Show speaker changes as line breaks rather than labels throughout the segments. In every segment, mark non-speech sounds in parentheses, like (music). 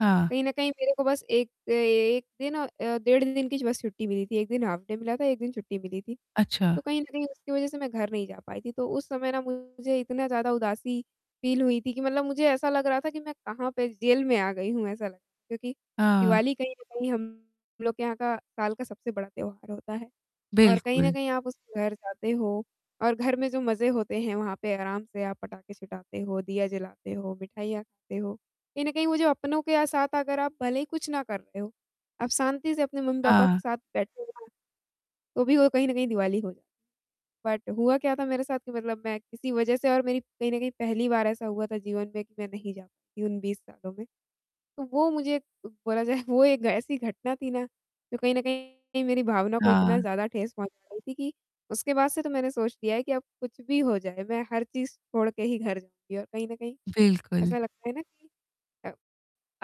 हाँ।
कहीं न कहीं मेरे को बस 1 अ, 1 दिन डेढ़ दिन की छुट्टी बस मिली थी, 1 दिन हाल्फ डे मिला था, 1 दिन छुट्टी मिली थी,
अच्छा।
तो कहीं न कहीं उसकी वजह से मैं घर नहीं जा पाई थी। तो उस समय ना मुझे इतना ज़्यादा उदासी फील हुई थी कि मतलब मुझे ऐसा लग रहा था कि मैं कहाँ पे, जेल में आ गई हूँ, ऐसा लग क्योंकि
हाँ।
दिवाली कहीं न कहीं हम लोग के यहाँ का साल का सबसे बड़ा त्योहार होता है। और कहीं न
बिल्कुल।
कहीं आप उस घर जाते हो और घर में जो मज़े होते हैं वहाँ पे आराम से आप पटाखे छुटाते हो, दिया जलाते हो, मिठाइयाँ खाते हो, कहीं न कहीं वो जो अपनों के साथ अगर आप भले ही कुछ ना कर रहे हो, आप शांति से अपने मम्मी-पापा
हाँ।
के साथ बैठे हो, तो भी वो कहीं न कहीं दिवाली हो बट हुआ क्या था मेरे साथ कि मतलब मैं किसी वजह से और मेरी कहीं न कहीं पहली बार ऐसा हुआ था जीवन में कि मैं नहीं जा पाती उन 20 सालों में। तो वो मुझे बोला जाए, वो एक ऐसी घटना थी ना, जो कहीं न कहीं मेरी भावना को इतना
हाँ।
ज़्यादा ठेस पहुँचा रही थी कि उसके बाद से तो मैंने सोच लिया है कि अब कुछ भी हो जाए, मैं हर चीज़ छोड़ के ही घर जाऊँगी और कहीं न कहीं
बिल्कुल।
ऐसा लगता है ना कि अ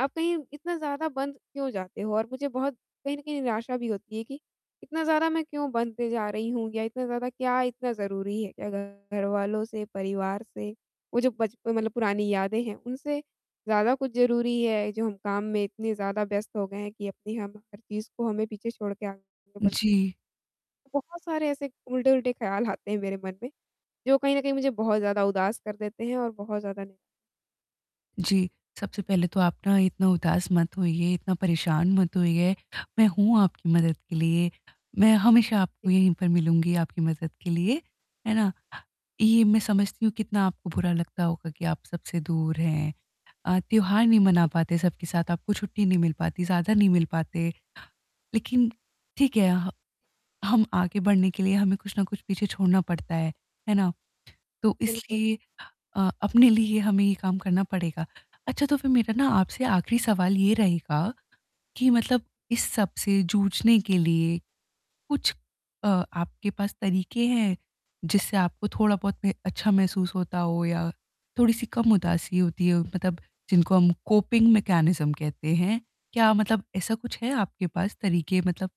आप कहीं इतना ज़्यादा बंद क्यों जाते हो और मुझे बहुत कहीं न कहीं निराशा भी होती है कि इतना ज़्यादा मैं क्यों बंद पे जा रही हूँ या इतना ज़्यादा क्या इतना ज़रूरी है क्या घरवालों से परिवार से, वो जो बचपन मतलब पुरानी यादें हैं उनसे ज़्यादा कुछ ज़रूरी है जो हम काम में इतने ज़्यादा व्यस्त हो गए हैं कि अपनी हम हर चीज़ को हमें पीछे छोड़ के आगे बढ़
जी।
बहुत सारे ऐसे उल्टे-उल्टे ख्याल आते हैं मेरे मन में, जो कहीं न कहीं मुझे बहुत ज़्यादा उदास कर देते हैं और बहुत ज़्यादा
जी, सबसे पहले तो आप ना इतना उदास मत होइए, इतना परेशान मत होइए, मैं हूँ आपकी मदद के लिए, मैं हमेशा आपको
(unintelligible)
यहीं पर मिलूँगी आपकी मदद के लिए, है ना? ये मैं समझती हूँ कितना आपको बुरा लगता होगा कि आप सबसे दूर हैं अ, त्योहार नहीं मना
(unintelligible)
पाते, सबके साथ आपको छुट्टी नहीं मिल पाती, ज़्यादा नहीं मिल पाते। लेकिन ठीक है, अ, ह हम आगे बढ़ने के लिए हमें कुछ ना कुछ पीछे छोड़ना पड़ता है, है ना? तो
बिल्कुल।
इसलिए अ, अपने लिए हमें ये काम करना पड़ेगा। अच्छा, तो फिर मेरा ना आपसे आख़िरी सवाल ये रहेगा कि मतलब इस सब से जूझने के लिए, कुछ अ, आपके पास तरीके हैं? जिससे आपको थोड़ा-बहुत मे अच्छा महसूस होता हो या, थोड़ी-सी कम उदासी होती हो, मतलब जिनको हम कोपिंग मैकेनिज्म कहते हैं। क्या मतलब ऐसा कुछ है आपके पास तरीके? मतलब